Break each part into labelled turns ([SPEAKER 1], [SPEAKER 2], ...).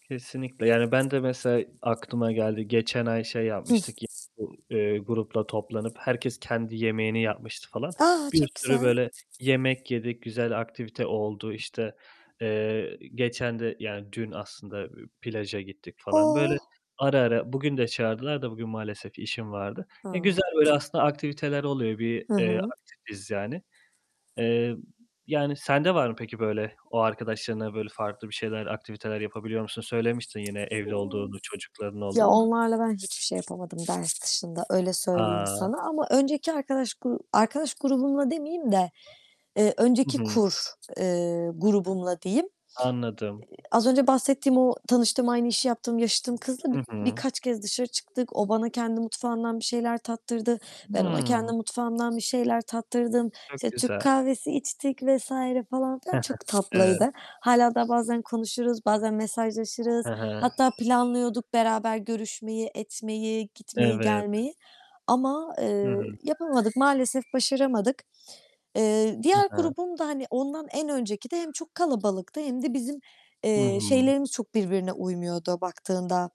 [SPEAKER 1] Kesinlikle yani, ben de mesela aklıma geldi. Geçen ay şey
[SPEAKER 2] Hıh.
[SPEAKER 1] yapmıştık yi bu, eee, grupla toplanıp herkes kendi yemeğini yapmıştı falan.
[SPEAKER 2] A!
[SPEAKER 1] Bir
[SPEAKER 2] Çok
[SPEAKER 1] sürü,
[SPEAKER 2] güzel.
[SPEAKER 1] böyle, yemek yedik. Güzel aktivite oldu, işte, eee, geçen de, yani dün aslında, plaja gittik falan böyle
[SPEAKER 2] Oh!
[SPEAKER 1] ara ara. Bugün de çağırdılar da, bugün maalesef işim vardı. E,
[SPEAKER 2] A!
[SPEAKER 1] güzel, böyle, aslında aktiviteler oluyor. Bir,
[SPEAKER 2] Hı
[SPEAKER 1] eee,
[SPEAKER 2] hı.
[SPEAKER 1] aktifiz yani. Eee, yani sende var mı peki, böyle, o arkadaşlarınla, böyle farklı bir şeyler, aktiviteler yapabiliyor musun? Söylemiştin yine evli
[SPEAKER 2] Imm.
[SPEAKER 1] olduğunu, çocukların
[SPEAKER 2] Ya,
[SPEAKER 1] olduğunu da.
[SPEAKER 2] onlarla ben hiçbir şey yapamadım ders dışında, öyle söyleyeyim
[SPEAKER 1] A!
[SPEAKER 2] sana. Ama önceki arkadaş gru arkadaş grubumla demeyeyim de, eee,
[SPEAKER 1] Hı
[SPEAKER 2] önceki
[SPEAKER 1] hı.
[SPEAKER 2] kur, eee, grubumla diyeyim,
[SPEAKER 1] Anladım.
[SPEAKER 2] eee, az önce bahsettiğim o tanıştığım, aynı işi yaptığım, yaşıtım kızla
[SPEAKER 1] Hı
[SPEAKER 2] bi
[SPEAKER 1] hı.
[SPEAKER 2] birkaç kez dışarı çıktık. O bana kendi mutfağımdan bir şeyler tattırdı. Ben ona kendi
[SPEAKER 1] Hıı.
[SPEAKER 2] mutfağımdan bir şeyler tattırdım.
[SPEAKER 1] Çok
[SPEAKER 2] İşte, Türk
[SPEAKER 1] güzel.
[SPEAKER 2] kahvesi içtik vs. falan filan, çok
[SPEAKER 1] Evet.
[SPEAKER 2] tatlıydı. Hâlâ daha bazen konuşuruz, bazen mesajlaşırız.
[SPEAKER 1] Hı hı.
[SPEAKER 2] Hatta planlıyorduk beraber görüşmeyi, etmeyi, gitmeyi,
[SPEAKER 1] Evet.
[SPEAKER 2] gelmeyi. Ama,
[SPEAKER 1] Hı
[SPEAKER 2] eee,
[SPEAKER 1] hı.
[SPEAKER 2] yapamadık, maalesef başaramadık. Eee,
[SPEAKER 1] Hı
[SPEAKER 2] diğer
[SPEAKER 1] hı.
[SPEAKER 2] grubum da, hani, ondan en önceki de hem çok kalabalıktı hem de bizim, eee,
[SPEAKER 1] Hıı.
[SPEAKER 2] şeylerimiz çok birbirine uymuyordu baktığında.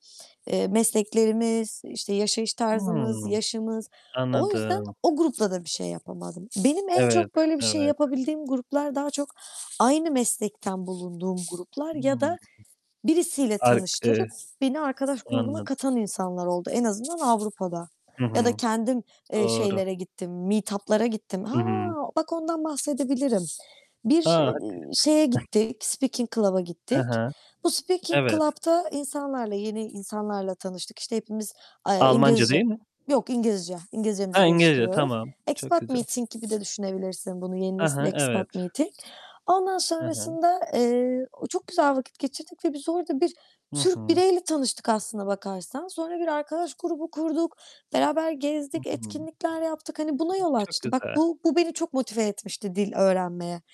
[SPEAKER 2] Eee, mesleklerimiz, işte, yaşayış
[SPEAKER 1] Hıı,
[SPEAKER 2] tarzımız, yaşımız...O yüzden
[SPEAKER 1] anladım.
[SPEAKER 2] o grupla da bir şey yapamadım. Benim en
[SPEAKER 1] Evet,
[SPEAKER 2] çok böyle bir şey
[SPEAKER 1] evet.
[SPEAKER 2] yapabildiğim gruplar daha çok aynı meslekten bulunduğum gruplar ya
[SPEAKER 1] Hıı.
[SPEAKER 2] da birisiyle
[SPEAKER 1] Ark eee
[SPEAKER 2] tanıştırıp beni arkadaş grubuna
[SPEAKER 1] Anladım.
[SPEAKER 2] katan insanlar oldu, en azından Avrupa'da.
[SPEAKER 1] Hı
[SPEAKER 2] Ya da
[SPEAKER 1] hı.
[SPEAKER 2] kendim, eee,
[SPEAKER 1] Doğru.
[SPEAKER 2] şeylere gittim, meetup'lara gittim.
[SPEAKER 1] Hı
[SPEAKER 2] Ha,
[SPEAKER 1] hı.
[SPEAKER 2] bak ondan bahsedebilirim. Bir,
[SPEAKER 1] A! Hadi.
[SPEAKER 2] iii, şeye gittik, speaking club'a
[SPEAKER 1] Hı
[SPEAKER 2] gittik.
[SPEAKER 1] hı,
[SPEAKER 2] Bu speaking
[SPEAKER 1] evet.
[SPEAKER 2] club'ta insanlarla, yeni insanlarla tanıştık. İşte, hepimiz, aaa,
[SPEAKER 1] Almanca değil
[SPEAKER 2] İngilizce
[SPEAKER 1] mi?
[SPEAKER 2] yok İngilizce, İngilizcemizi
[SPEAKER 1] Ha, İngilizce,
[SPEAKER 2] geliştiriyoruz.
[SPEAKER 1] tamam. Çok
[SPEAKER 2] Expat
[SPEAKER 1] güzel.
[SPEAKER 2] meeting gibi de düşünebilirsin bunu, yeni
[SPEAKER 1] A
[SPEAKER 2] nesil
[SPEAKER 1] ha,
[SPEAKER 2] expat
[SPEAKER 1] evet.
[SPEAKER 2] meeting. Ondan
[SPEAKER 1] Hı hı.
[SPEAKER 2] sonrasında, eee, çok güzel vakit geçirdik ve biz orada bir
[SPEAKER 1] Hı
[SPEAKER 2] Türk
[SPEAKER 1] hı.
[SPEAKER 2] bireyle tanıştık aslına bakarsan. Sonra bir arkadaş grubu kurduk. Beraber
[SPEAKER 1] Hı
[SPEAKER 2] gezdik,
[SPEAKER 1] hı.
[SPEAKER 2] etkinlikler yaptık. Hani buna yol
[SPEAKER 1] Çok
[SPEAKER 2] açtı. Bak
[SPEAKER 1] güzel.
[SPEAKER 2] bu, bu beni çok motive etmişti dil öğrenmeye.